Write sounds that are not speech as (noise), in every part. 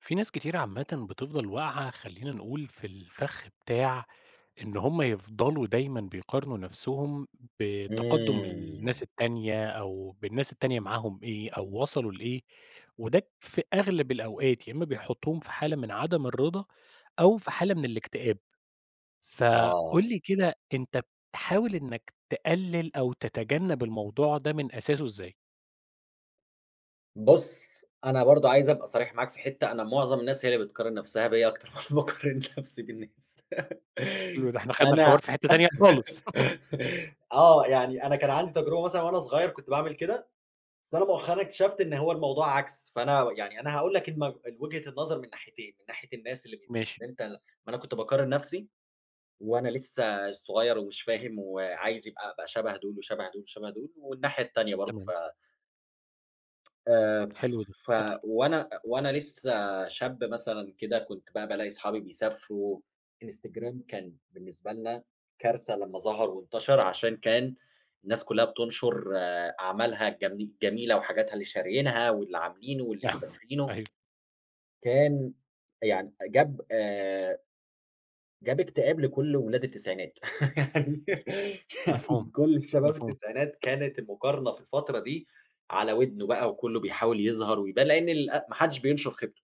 في ناس كتيرة عامةً بتفضل واقعة خلّينا نقول في الفَخ بتاع إن هم يفضلوا دايمًا بيقارنوا نفسهم بتقدُّم إمم. الناس التانية أو بالناس التانية معاهم إيه، أو وصلوا لإيه؟ وده في أغلب الأوقات، يا إمّا بيحطُّهم في حالة من عدم الرضا أو في حالة من الاكتئاب. فقُل آه. لي كده أنت بتحاول إنّك تقلّل أو تتجنّب الموضوع ده من أساسه إزاي؟ بُص، أنا برضه عايز أبقى صريح معاك في حتّة، أنا معظم الناس هي اللي بتقارن نفسها بيّا (laughs) أكتر ما باقارن نفسي بالناس. يوه، ده إحنا خدنا فأنا الحوار في حتّة تانية خالص. (chuckles) (laughs) آه. يعني أنا كان عندي تجربة مثلًا وأنا صغير كنت باعمل كده، بس أنا مؤخرًا اكتشفت إن هو الموضوع عكس. فأنا يعني أنا هاقول لك المب الوجهة النظر من ناحيتين. من ناحية الناس اللي بت ماشي. أنت ما أنا كنت باقارن نفسي، وأنا لسّه صغير ومش فاهم وعايز يبقى أبقى شبه دول، وشبه دول، وشبه دول والناحية التانية برضه ف تمام. آآ حلو ده، ف اتفضّل. وأنا وأنا لسّه شاب مثلًا كده كنت بقى بالاقي أصحابي بيسافروا. الإنستجرام كان بالنسبة لنا كارثة لما ظهر وانتشر، عشان كان الناس كلها بتنشر أعمالها الجمي جميلة وحاجاتها اللي شاريينها، واللي عاملينه، واللي (laughs) مسافرينه أيوه. كان يعني جاب آآ جاب اكتئاب لكل ولاد التسعينات (laughs) يعني يعني مفهوم. كل شباب مفهوم. التسعينات كانت المقارنة في الفترة دي على ودنه بقى، وكُلّه بيحاول يظهر ويبان، لإن ال ما حدش بينشر خيبته.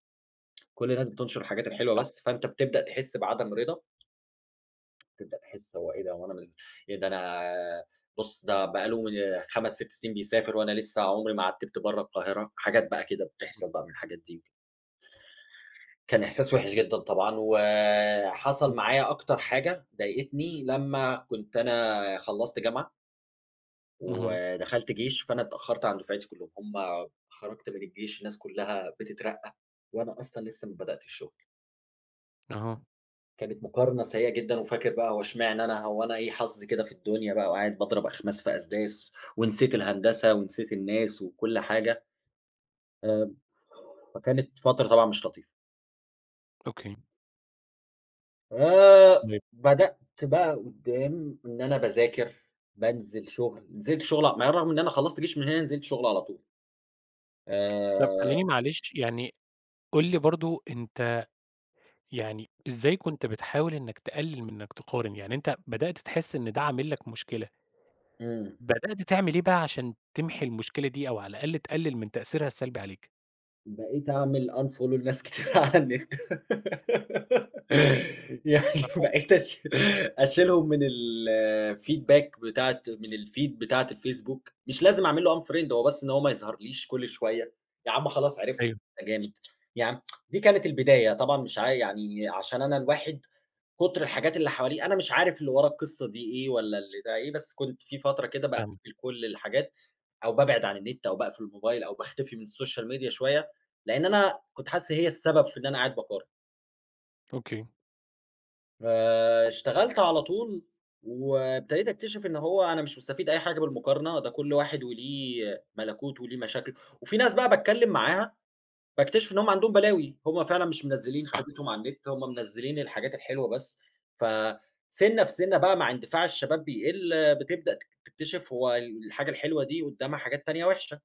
كل الناس بتنشر الحاجات الحلوة صح. بس، فأنت بتبدأ تحس بعدم رضا، تبدأ تحس هو إيه ده؟! هو أنا منزل إيه ده أنا بُص ده بقى له آآ 5، 6 سنين بيسافر وأنا لسّه عمري ما عتِّبت برّه القاهرة، حاجات بقى كده بتحصل بقى من الحاجات دي. كان إحساس وحِش جدًا طبعًا، وحصل معايا أكتر حاجة ضايقتني لمّا كنت أنا خلّصت جامعة اهم. ودخلت جيش، فأنا اتأخرت عن دفعتي كلّهم، هم خرجت من الجيش الناس كلّها بتترقى، وأنا أصلًا لسه ما بدأتش شغل. أها. كانت مقارنة سيئة جدًا، وفاكر بقى هو اشمعنى أنا؟ هو أنا إيه حظي كده في الدنيا بقى؟ وقاعد باضرب أخماس في أسداس، ونسيت الهندسة، ونسيت الناس وكل حاجة، آآ فكانت فترة طبعًا مش لطيفة. أوكي. آآ (unintelligible) بدأت بقى قدّام إن أنا باذاكر، بانزل شغل، نزلت شغل ع مع إن رغم إن أنا خلصت جيش من هنا نزلت شغل على طول. طب آآ خلّيني معلش، يعني قُل لي برضه أنت يعني إزاي كنت بتحاول إنك تـقلل من إنك تقارن؟ يعني أنت بدأت تحس إن ده عامل لك مشكلة إمم. بدأت تعمل إيه بقى عشان تمحي المشكلة دي أو على الأقل تقلل من تأثيرها السلبي عليك؟ بقيت أعمل unfollow لناس كتير على النت. (giggles) يعني مفهو بقيت أشي أشيلهم من الfeedback بتاعة من الfeed بتاعة الFacebook، مش لازم أعمل له unfriend هو بس إن هو ما يظهرليش كل شوية، ياعم خلاص عرفت أيوه. إن أنت جامد. يا عم (tsk) دي كانت البداية طبعًا، مش عاي يعني عشان أنا الواحد كتر الحاجات اللي حواليه، أنا مش عارف اللي ورا القصة دي إيه، والّا اللي ده إيه، بس كنت في فترة كده فاهمك. باقفل كل الحاجات، أو بابعد عن النت، أو باقفل الموبايل، أو باختفي من السوشيال ميديا شوية، لأن أنا كنت حاسس هي السبب في إن أنا قاعد باقارن. أوكي. آآ، اشتغلت على طول، وابتديت أكتشف إن هو أنا مش مستفيد أي حاجة بالمقارنة، ده كل واحد وليه ملكوته وليه مشاكله، وفي ناس بقى باتكلم معاها، باكتشف إن هُم عندهم بلاوي، هُم فعلًا مش منزلين (coughs) خيبتهم على النت، هُم منزلين الحاجات الحلوة بس، فَسِنّة في سِنّة بقى مع اندفاع الشباب بيقل، آآ، بتبدأ تك تكتشف هوالحاجة الحلوة دي قدامها حاجات تانية وحشة.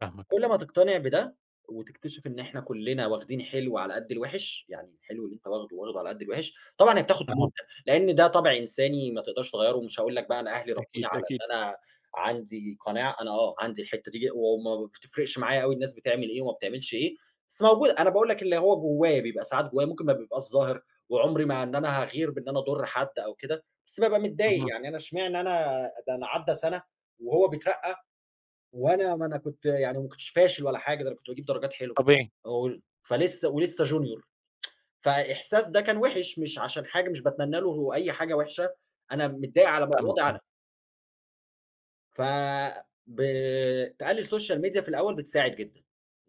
فاهمك. كل ما تقتنع بده، وتكتشف إن إحنا كلنا واخدين حلو على قد الوحش، يعني الحلو اللي أنتَ واخده، واخده على قد الوحش. طبعًا هي بتاخد أها. مدة؛ لإن ده طابع إنساني ما تقدرش تغيَّره، ومش هأقول لك بقى أنا أهلي أكيد، ربوني على أكيد. إن أنا عندي قناعة، أنا آه عندي الحتة دي، وما بتفرقش معايا أوي الناس بتعمل إيه وما بتعملش ايه، بس موجودة، أنا باقول لك اللي هو جوايا، بيبقى ساعات جوايا ممكن ما بيبقاش ظاهر، وعمري ما إن أنا هاغِير، بإن أنا أضر حد أو كده، بس بابقى متضايق اهم. يعني أنا إشمعنى أنا؟ ده أنا عدى سنة وهو بيترقى وأنا ما أنا كنت يعني ما كنتش فاشل ولا حاجة ده أنا كنت بأجيب درجات حلوه طبيعي. (unintelligible) فلسه ولسه Junior (tsk) فإحساس ده كان وحِش، مش عشان حاجة، مش باتمني له هو أي حاجة وحشة، أنا متضايق على مو فاهمك وضعي (unintelligible) أنا. ف ب تقلّل social media في الأول بتساعد جدًا.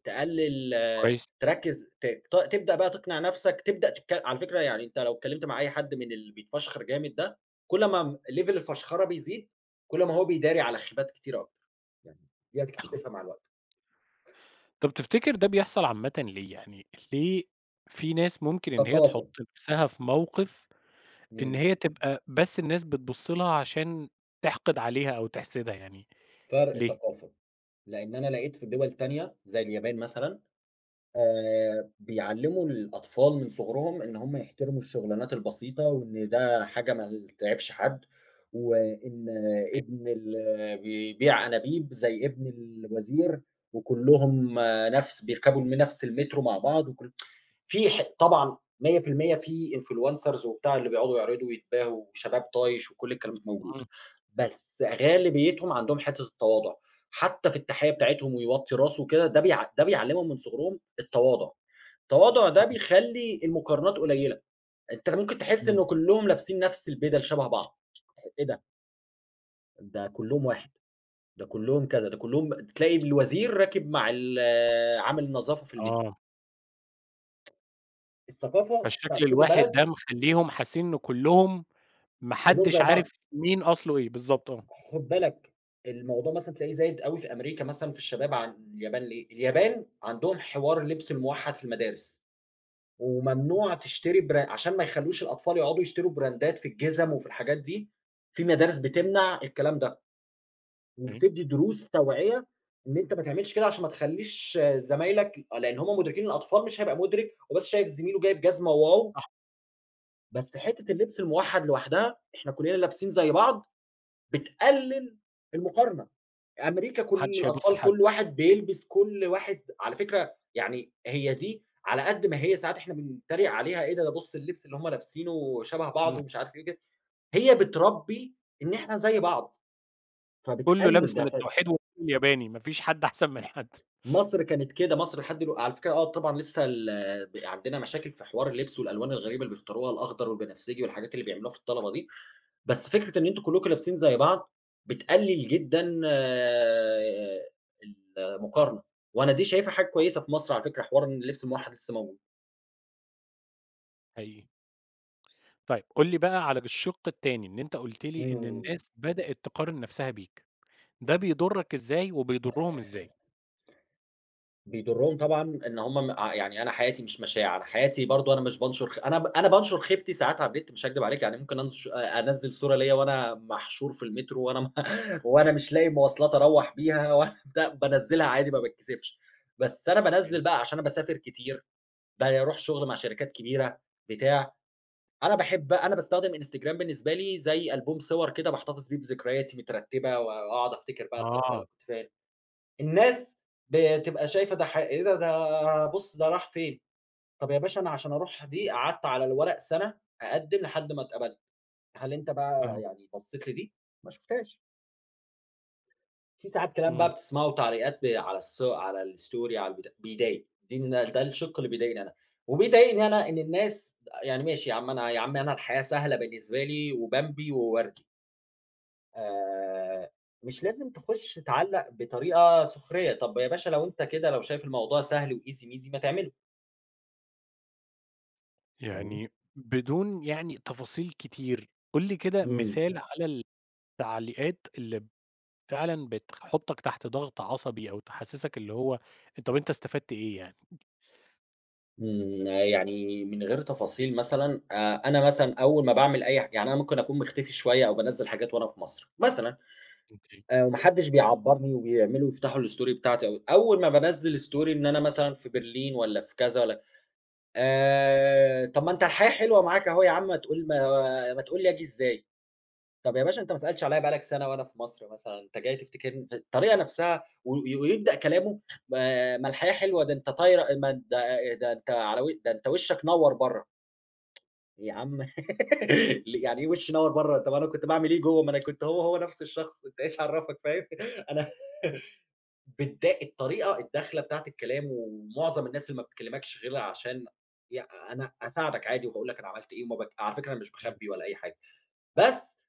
تقلّل كويس. تركّز ت ت تبدأ بقى تقنع نفسك تبدأ تتك على فكرة يعني أنت لو اتكلّمت مع أي حد من اللي بيتفشخر جامد ده، كل ما م level الفَشْخَرة بيزيد، كل ما هو بيداري على خيبات كتيرة أكتر. (unintelligible) دي هتكتشفها مع الوقت. طب تفتكر ده بيحصل عامةً ليه؟ يعني ليه في ناس ممكن إن هي تحُط ثقافة. نفسها في موقف إن إمم. هي تبقى بس الناس بتبُص لها عشان تِحْقِد عليها أو تحسدها يعني فرق ليه؟ ثقافة. لإن أنا لقيت في دول تانية زي اليابان مثلًا، آآ بيعلّموا الأطفال من صغرهم إن هم يحترموا الشُغلانات البسيطة وإن ده حاجة ما ي تعيبش حد. وإن أي ابن اللي بيبيع أنابيب زي ابن الوزير، وكُلّهم نفس بيركبوا من نفس المترو مع بعض وكل (tsk) فيه ح طبعا 100% في influencers وبتاع اللي بيقعدوا يعرضوا ويتباهوا وشباب طايش وكل الكلام ده موجود. إمم. بس غالبيتهم عندهم حتّة التواضع. حتّى في التَحيّة بتاعتهم ويوطّي راسه وكده، ده بيع ده بيعلّمهم من صغرهم التواضع. التواضع ده (unintelligible) بيخلّي المقارنات قليلة. أنت ممكن تحس إمم. إنه كُلّهم لابسين نفس البِدَل شَبه بعض. إيه ده؟! ده كلّهم واحد، ده كلّهم كذا، ده كلّهم تلاقي الوزير راكب مع ال عامل النظافة في المترو. آه. الثقافة بتاعة فالشكل كل الواحد بلد ده مخلّيهم حاسين إن كلّهم ما كلّهم حدش زي بعض. عارف مين أصله إيه، بالضبط، آه. خد بالك الموضوع مثلًا تلاقيه زايد أوي في أمريكا مثلًا في الشباب عن اليابان ليه؟ اليابان عندهم حوار اللبس الموحد في المدارس، وممنوع تشتري برا عشان ما يخلّوش الأطفال يقعدوا يشتروا براندات في الجِزم وفي الحاجات دي، في مدارس بتمنع الكلام ده، (unintelligible) وبتدي دروس توعية إن أنت ما تعملش كده عشان ما تخلّيش زمايلك ي آه لأن هم مدركين الأطفال مش هيبقى مدرك، هو بس شايف زميله جايب جزمة واو صح. بس حتة اللبس الموحد لوحدها، إحنا كلنا لابسين زي بعض، بتقلل المقارنة. أمريكا ما كُل حدش هيبُص الأطفال لحد. كُل واحد بيلبس كُل واحد على فكرة يعني هي دي على قد ما هي ساعات إحنا بنتريق عليها، إيه ده؟ ده بُص اللبس اللي هم لابسينه شبه بعضه إمم. ومش عارف إيه كده. هي بتربي إن إحنا زي بعض، كلّه فبتقلل لابس من ده ف التوحيد والنور الياباني، ما فيش حد أحسن من حد. مصر كانت كده، مصر لحد دلوق على فكرة آه طبعًا لسه ال ب عندنا مشاكل في حوار اللبس والألوان الغريبة اللي بيختاروها الأخضر والبنفسجي والحاجات اللي بيعملوها في الطلبة دي. بس فكرة إن أنتم كلكم لابسين زي بعض بتقلل جدًا ال المقارنة، وأنا دي شايفها حاجة كويسة في مصر على فكرة حوار إن اللبس الموحد لسه موجود. حقيقي. طيب قُل لي بقى على ج الشِق التاني، إن أنت قُلت لي إن إمم. الناس بدأت تقارن نفسها بيك، ده بيضُرك إزاي وبيضرهم إزاي؟ بيضُرهم طبعًا إن هُم م ع يعني أنا حياتي مش مشاع، أنا حياتي برضه أنا مش بانشر خ أنا ب أنا بانشر خيبتي ساعات على النت مش هاكدب عليك يعني ممكن أنش آآ أنزِّل صورة ليَّ وأنا محشور في المترو، وأنا م (chuckles) وأنا مش لاقي مواصلات أروّح بيها، و (unintelligible) بانزِّلها عادي ما باتكسفش. بس أنا امم. بانزِّل بقى عشان أنا باسافر كتير، باروح شغل مع شركات كبيرة، بتاع، أنا باحب بقى أنا باستخدم Instagram بالنسبة لي زي ألبوم صور كده باحتفظ فيه بذكرياتي مترتبة، و وأقعد أفتكر بقى الفترة اللي آه. كنت فيها الناس بتبقى شايفة ده ح إيه ده؟ ده بُص ده راح فين، طب يا باشا أنا عشان أروح دي قعدت على الورق سنة أقدِّم لحد ما اتقبلت. هل أنت بقى فاهم يعني بصيت لدي؟ ما شُفتهاش. في ساعات كلام إمم. بقى بتسمعه وتعليقات ب على الص على الستوري على البت بيضايق، دي الن ده الشِق اللي بيضايقني أنا، وبيضايقني أنا إن الناس يعني ماشي يا عم أنا يا عم أنا الحياة سهلة بالنسبة لي وبمبي ووردي. آآ، مش لازم تُخش تعلق بطريقة سخرية، طَب يا باشا لو أنت كده لو شايف الموضوع سهل وEasy ميزي ما تعمله. فاهمني؟ يعني بدون يعني تفاصيل كتير، قُل لي كده إمم. مثال على ال التعليقات اللي فعلًا بتخ بتحطك تحت ضغط عصبي أو تحسسك اللي هو، طَب أنت استفدت إيه يعني؟ إمم، يعني من غير تفاصيل مثلًا، آآ، أنا مثلًا أول ما باعمل أي ح يعني أنا ممكن أكون مختفي شوية أو بانزل حاجات وأنا في مصر، مثلًا، أوكي. آآ، وما حدش بيعبرني وبيعملوا بيفتحوا الStory بتاعتي، أول ما بانّزل Story إن أنا مثلًا في برلين والّا في كذا والّا آآ، طَب ما أنت الحياة حلوة معاك أهو ياعم ما تقول ما ما تقول لي آجي إزاي؟ طَب يا باشا أنت ما سألتش عليَّ بقى لك سنة وأنا في مصر مثلًا أنت جاي تفتكرني د الطريقة نفسها و ويبدأ كلامه ما ما الحياة حلوة ده أنت طايرة ما أنت ده أنت على وش ده أنت وشك نوّر برَّه. يا عم (giggles) لي يعني إيه وشي نوّر برَّه؟! طَب أنا كنت باعمل إيه جوه؟! ما أنا كنت هو هو نفس الشخص أنت إيش عرفك فاهم؟ (giggles) أنا (giggles) بتضا الطريقة، الدخلة بتاعة الكلام، و ومعظم الناس اللي ما بتكلمكش غير علشان ي أنا أساعدك عادي وباقول لك أنا عملت إيه، ومب على فكرة أنا مش آه. باخبي ولا أي حاجة، بس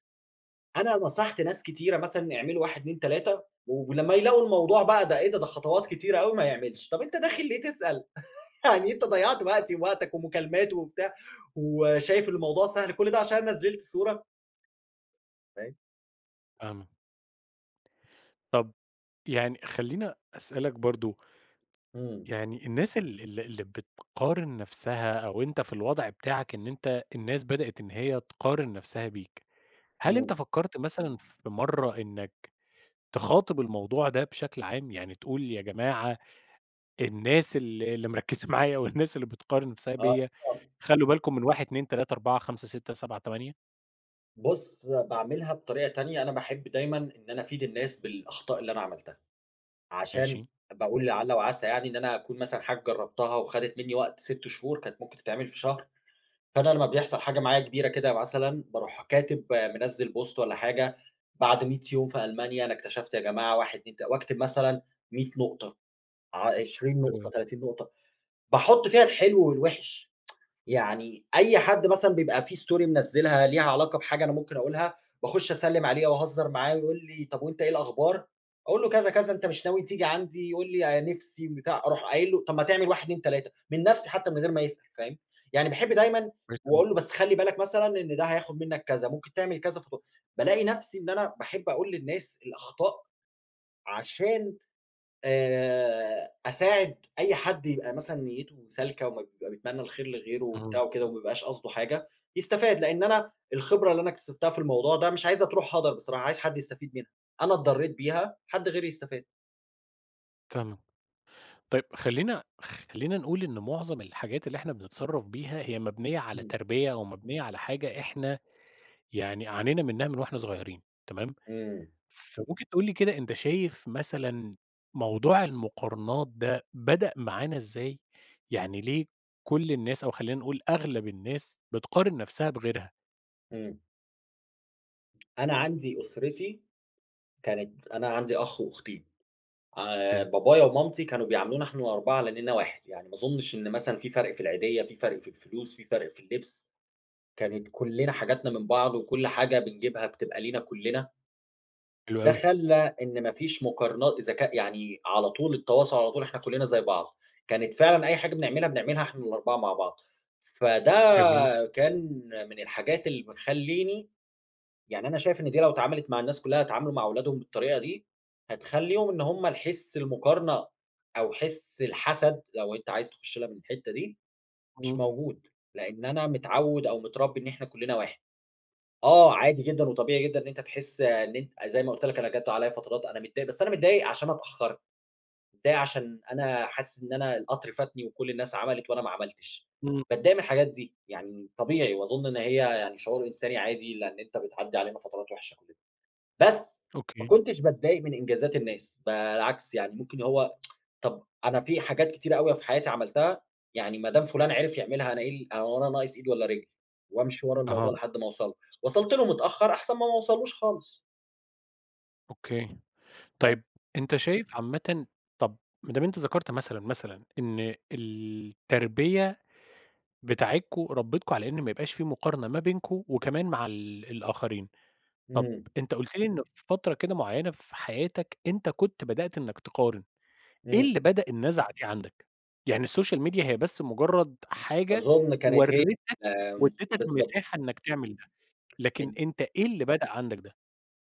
أنا نصحت ناس كتيرة مثلًا يعملوا 1، 2، 3 و ولما يلاقوا الموضوع بقى ده إيه ده، ده خطوات كتيرة أوي، ما يعملش. طَب أنت داخل ليه تسأل؟! (chuckles) يعني أنت ضيعت صح. وقتي ووقتك ومكالمات وبتاع، وشايف الموضوع سهل، كل ده عشان أنا نزلت صورة! (unintelligible) فاهمك. طب يعني خلّيني أسألك برضه. إمم. يعني الناس ال اللي اللي بتقارن نفسها أو أنت في الوضع بتاعك إن أنت الناس بدأت إن هي تقارن نفسها بيك، هل أنتَ إمم. فكّرت مثلًا في مرّة إنّك تخاطب الموضوع ده بشكل عام؟ يعني تقول يا جماعة الناس ال اللي مركِّزة معايا والناس اللي بتقارن نفسها آه. بيّا خ خلّوا بالكم من 1، 2، 3، 4، 5، 6، 7، 8؟ بُص، باعملها بطريقة تانية. أنا باحب دايمًا إن أنا أفيد الناس بالأخطاء اللي أنا عملتها. عشان ماشي. باقول لعلّ وعسى يعني إن أنا أكون مثلًا حاجة جرّبتها وخَدِت منّي وقت 6 شهور كانت ممكن تتعمل في شهر. فأنا لمّا بيحصل حاجة معايا كبيرة كده مثلًا، باروح كاتب مِنزِّل بوست والّا حاجة بعد 100 يوم في ألمانيا أنا اكتشفت يا جماعة 1، 2 ت واكتب مثلًا 100 نقطة، ع عشرين نقطة، (unintelligible) 30 نقطة. باحُط فيها الحلو والوحش. (tsk) يعني أي حد مثلًا بيبقى في story مِنزِّلها ليها علاقة بحاجة أنا ممكن أقولها، باخُش أسلّم عليه أو أهزّر معاه ويقول لي: "طب وأنت إيه الأخبار؟: أقول له كذا، كذا أنت مش ناوي تيجي عندي؟ يقول لي أنا نفسي بتاع أروح قايل له طب ما تعمل 1، 2، 3. من نفسي حتّى من غير ما يسأل فاهم؟ يعني باحب دايمًا كويس أوي. وأقول له بس خلِّ بالك مثلًا إن ده هياخد منّك كذا ممكن تعمل كذا ف بالاقي نفسي إن أنا باحب أقول للناس الأخطاء عشان آآ أساعد أي حد يبقى مثلًا نيُّته سالكة وما بيبقى بيتمنى الخير لغيره وبتاع آه. وكده وما يبقاش قصده حاجة، يستفاد. لإن أنا الخبرة اللي أنا اكتسبتها في الموضوع ده مش عايزها تروح هَدَر بصراحة عايز حد يستفيد منها. أنا اتضرِّيت بيها، حد غيري يستفاد. فاهم طيب خلّينا خ خلّينا نقول إن مُعظم الحاجات اللي إحنا بنتصرّف بيها هي مبنية على إمم. تربية أو مبنية على حاجة إحنا يعني عانينا منها من وإحنا صُغيرين تمام. إمم. فمُمكن تقول لي كده أنت شايف مثلًا موضوع المُقارنات ده بدأ معانا إزاي؟ يعني ليه كُلّ الناس أو خلّينا نقول أغلب الناس بتقارن نفسَها بغيرها؟ إمم. أنا عندي أُسرتي كانت أنا عندي أخ وأختين، عا أوكي. بابايا ومامتي كانوا بيعاملونا إحنا ال4 على إننا واحد يعني ما أظُنش إن مثلًا في فَرق في العيدية، في فَرق في الفلوس، في فَرق في اللبس، كانت كُلّنا حاجاتنا من بعض، وكُلّ حاجة بنجيبها بتبقى لنا كُلّنا. حلو ده أوي. خلّى إن ما فيش مُقارنا إذا كاء يعني على طول التواصل، على طول إحنا كُلّنا زي بعض، كانت فعلًا أي حاجة بنعملها بنعملها إحنا ال4 مع بعض، فده جميل كان من الحاجات اللي ب خلّيني، يعني أنا شايف إن دي لو اتعملت مع الناس كُلّها يتعاملوا مع ولادهم بالطريقة دي، هتخلّيهم إن هُم الحس المقارنة، أو حس الحسد، لو أنت عايز تخُش لها من الحتة دي، مش إمم. موجود. لأن أنا متعود أو متربي إن إحنا كُلّنا واحد. آه عادي جدًا، وطبيعي جدّا، إن أنت تحس إن أنت أ زي ما قُلت لَك أنا جاتّ عليَّ فترات أنا متضايق، بس أنا متضايق عشان أنا اتأخرت، متضايق عشان أنا حاسِس إن أنا القطر فاتني، وكُلّ الناس عملت وأنا ما عملتش، إمم. باتضايق من الحاجات دي يعني طبيعي، وأظن إن هي يعني شعور إنساني عادي. لأن أنت بتعدّي علينا فترات وِحشّة كُلّنا. بس، ما أوكي كُنتش باتضايق من إنجازات الناس، بالعكس يعني مُمكن هو (tsk) طَب أنا في حاجات كتيرة أوي في حياتي عملتَها، يعني ما دام فُلان عرف يعملها أنا إيه ال هو أنا ناقص إيد والّا رجلّ؟ وأمشي ورا الموضوع أها لحدّ ما أوصل له. وصَلت له متأخر أحسن ما ما أوصلوش خالِص. أوكي. (unintelligible) طيب أنت شايف عامةً طب ما دام أنت ذكرت مثلًا مثلًا إن التربية بتاعتكم ربتكم على إن ما يبقاش في مقارنة ما بينكم وكمان مع ال الآخرين، طب امم. أنت قُلت لي إن في فترة كده مُعيّنة في حياتك أنت كنت بدأت إنك تقارن، إيه امم. اللي بدأ النزعة دي عندك؟ يعني السوشيال ميديا هي بس مجرد حاجة أظن كانت ه وريتك آمم، واديتك بالضبط. مساحة إنك تعمل ده، لكن ال أنت إيه اللي بدأ عندك ده؟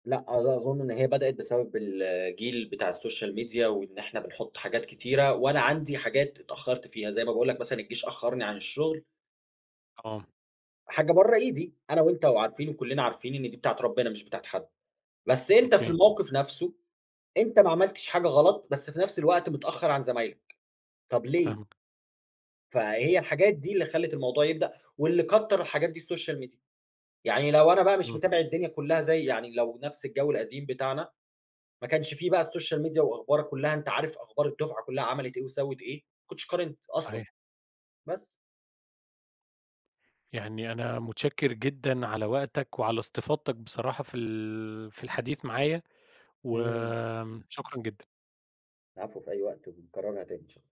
لأ أظ أظن إن هي بدأت بسبب الجيل بتاع السوشيال ميديا وإن إحنا بنحُط حاجات كتيرة، وأنا عندي حاجات اتأخرت فيها زي ما باقول لك مثلًا الجيش أخرني عن الشغل. آه. حاجة برّه إيدي، أنا وأنت وعارفين وكلّنا عارفين إن دي بتاعة ربنا مش بتاعة حد. بس أنت في أوكي. الموقف نفسه، أنت ما عملتش حاجة غلط بس في نفس الوقت متأخر عن زمايلك، طب ليه؟ فاهمك. فهي الحاجات دي اللي خلّت الموضوع يبدأ، واللي كتر الحاجات دي السوشيال ميديا يعني لو أنا بقى مش امم. متابع الدنيا كلها زي يعني لو نفس الجو القديم بتاعنا ما كانش في بقى السوشيال ميديا وأخبارك كلها أنت عارف أخبار الدفعة كلها عملت إيه وسوِّت إيه، ما كنتش قارنت أصلًا، صحيح. بس. يعني أنا متشكر جدًا على وقتك وعلى استفاضتك بصراحة في ال في الحديث معايا، امم. وآمم شكرًا جدًا. العفو، في أي وقت، ونكررها تاني إن شاء